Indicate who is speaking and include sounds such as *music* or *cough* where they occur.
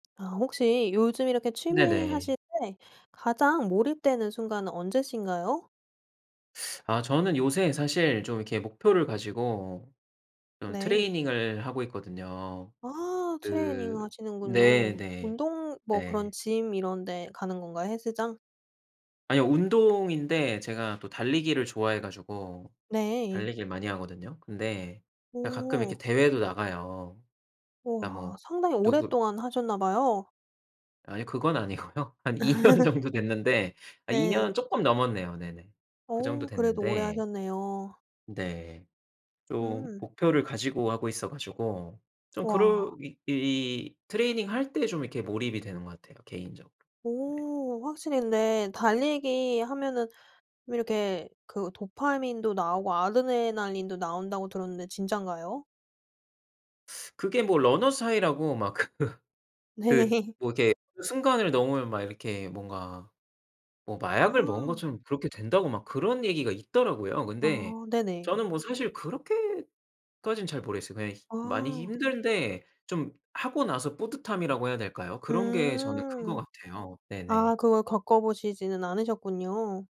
Speaker 1: 아 혹시 요즘 이렇게
Speaker 2: 네네.
Speaker 1: 취미하실 때 가장 몰입되는 순간은 언제신가요?
Speaker 2: 아. 저는 요새 사실 좀 이렇게 목표를 가지고 좀
Speaker 1: 네.
Speaker 2: 트레이닝을 하고 있거든요.
Speaker 1: 아. 트레이닝
Speaker 2: 그
Speaker 1: 하시는군요.
Speaker 2: 네네.
Speaker 1: 운동 뭐 그런
Speaker 2: 네.
Speaker 1: 짐 이런데 가는 건가요 헬스장?
Speaker 2: 아니요. 운동인데 제가 또 달리기를 좋아해 가지고
Speaker 1: 네.
Speaker 2: 달리기를 많이 하거든요. 근데 가끔 이렇게
Speaker 1: 오.
Speaker 2: 대회도 나가요. 그냥 뭐
Speaker 1: 우와. 상당히
Speaker 2: 누구
Speaker 1: 오랫동안 하셨나 봐요.
Speaker 2: 아이 그건 아니고요. 한 2 년
Speaker 1: *laughs*
Speaker 2: 정도 됐는데 아 2
Speaker 1: 네.
Speaker 2: 년 쪼끔 넘었네요. 네네. 그 정도
Speaker 1: 어. 그래도 오래
Speaker 2: 됐는데
Speaker 1: 하셨네요.
Speaker 2: 네. 좀
Speaker 1: 음.
Speaker 2: 목표를 가지고 하고 있어 가지고 좀 그럴
Speaker 1: 와.
Speaker 2: 일이 트레이닝 할 때 좀 이렇게 몰입이 되는 것 같아요 개인적으로. 네.
Speaker 1: 오. 확실히 근데 달리기 하면은 이렇게 그 도파민도 나오고 아드레날린도 나온다고 들었는데 진짠가요?
Speaker 2: 그게 뭐 Runner's High라고 막 그 그
Speaker 1: 네.
Speaker 2: 뭐 이렇게 순간을 넘으면 막 이렇게 뭔가 뭐 마약을 먹은
Speaker 1: 아.
Speaker 2: 것처럼 그렇게 된다고 막 그런 얘기가 있더라고요. 근데
Speaker 1: 아. 네네.
Speaker 2: 저는 뭐 사실 그렇게까진 잘 모르겠어요. 그냥 많이
Speaker 1: 아.
Speaker 2: 힘든데 좀 하고 나서 뿌듯함이라고 해야 될까요? 그런 게 저는 큰 것
Speaker 1: 음.
Speaker 2: 같아요. 네네.
Speaker 1: 아 그걸 겪어 보시지는 않으셨군요.